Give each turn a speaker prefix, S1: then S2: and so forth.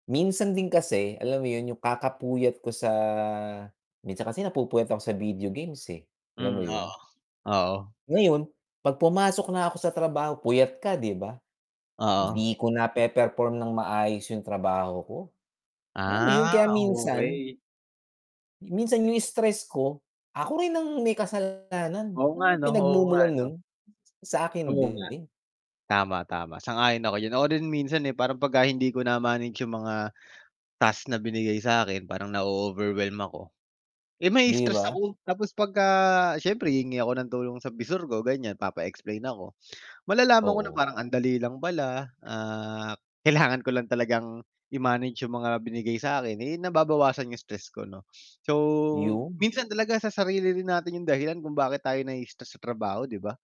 S1: Minsan din kasi, alam mo yun, yung kakapuyat ko sa minsan kasi napupuyat ako sa video games eh, alam mo
S2: Hmm, oo,
S1: yun?
S2: oo.
S1: Ngayon, 'pag pumasok na ako sa trabaho puyat ka di ba?
S2: Oo.
S1: Di ko nape-perform ng maayos yung trabaho ko, alam mo yun
S2: Ah,
S1: kaya minsan
S2: okey.
S1: minsan yung stress ko, ako rin ang may kasalanan,
S2: Oo
S1: alam
S2: nga
S1: mo yung
S2: ano oo nga
S1: pinagmumulan nun,
S2: ano.
S1: sa'kin
S2: Oo nga,
S1: din.
S2: tama, tama, sang-ayon ako diyan, ako rin minsan eh, parang pagka hindi ko na-manage yung mga task na binigay sa'kin parang na-o-overwhelm ako, eh,
S1: Di
S2: ma-i-stress
S1: ba?
S2: ako tapos pagka siyempre hihingi ako ng tulong sa visor ko, ganyan papa-explain ako, malalaman ko na
S1: Oo.
S2: parang ang dali lang pala, ah, kailangan ko lang talagang i-manage yung mga binigay sa'kin eh, nababawasan yung stress ko 'no, so
S1: Yun.
S2: minsan talaga sa sarili rin natin yung dahilan kung bakit tayo na-i-stress sa trabaho, di ba?